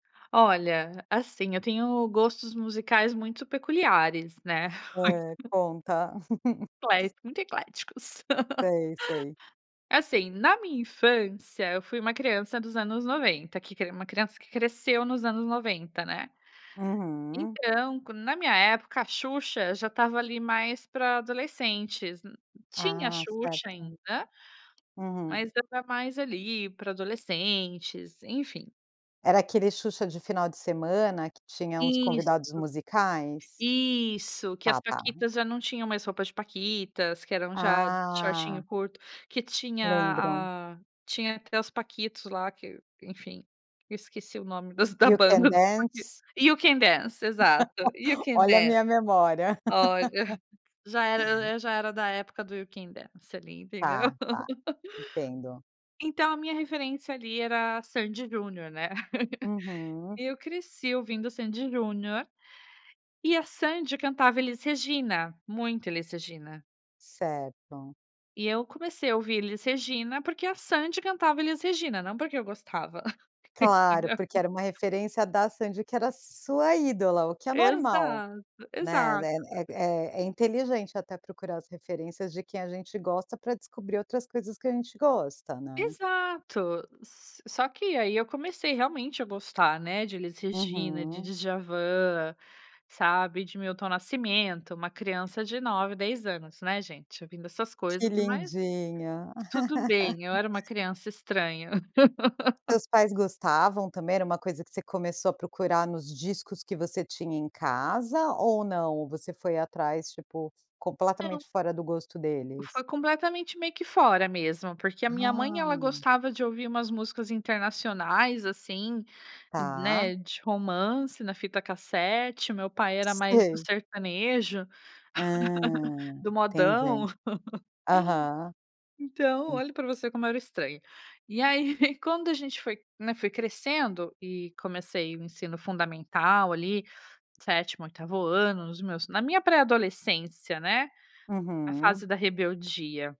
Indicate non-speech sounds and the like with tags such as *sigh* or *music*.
Olha, assim, eu tenho gostos musicais muito peculiares, né. É, *laughs* conta. *laughs* Ecléticos, muito ecléticos. Sei, sei. *laughs* Assim, na minha infância, eu fui uma criança dos anos 90, que cre uma criança cresceu nos anos 90, né. Uhum. Então com na minha época a Xuxa já estava ali mais para adolescentes, nu tinha a Ah, Xuxa certo. ainda, Uhum. mas já tá mais ali para adolescentes, enfim. Era aquele Xuxa de final de semana que tinha uns Isso, convidados musicais? isso, que as Tá, tá. Paquitas já não tinham mais roupas de paquitas, que eram já shortinho Ah. curto, que tinha Lembram. a tinha até os Paquitos lá que, enfim, esqueci o nome das da You Can banda dos Paquitos. Dance? You Can Dance. Exato, You *laughs* Can Olha a Dance. minha memória. Olha, *laughs* já era já era da época do You Can Dance ali, entendeu? Tá, tá, *laughs* entendo. Então a minha referência ali era a Sandy& Junior, né, *laughs* Uhum. eu cresci ouvindo Sandy& Junior, e a Sandy cantava Elis Regina, muito Elis Regina. Certo. E eu comecei a ouvir Elis Regina porque a Sandy cantava Elis Regina, não porque eu gostava. Claro, Entendeu? porque era uma referência da Sandy que era sua ídola o que é normal, Exato, né, exato. é é é inteligente até procurar as referências de quem a gente gosta para descobrir outras coisas que a gente gosta, né. Exato, só que aí eu comecei realmente a gostar, né, de Elis Regina, de Uhum. Djavan, sabe, e de Milton Nascimento, uma criança de 9, 10 anos, né, gente, ouvindo essas Que coisas mas, lindinha. tudo bem, eu *laughs* era uma criança estranha. *laughs* Seus pais gostavam também? Era uma coisa que você começou a procurar nos discos que você tinha em casa ou não, ou você foi atrás tipo, Não. completamente fora do gosto E deles? foi completamente meio que fora mesmo, porque a minha mãe ela Ah. gostava de ouvir umas músicas internacionais, assim, Tá. né, de romance na fita cassete, meu pai era mais do Sei. sertanejo, Ah, *laughs* do modão. entendi. Aham. *laughs* Então, olha para você como era o estranho. E aí *giggles* quando a gente foi, né, foi crescendo, e comecei o ensino fundamental ali, 7º, 8º ano, nos meus, na minha pré-adolescência, né. A Uhum. fase da rebeldia.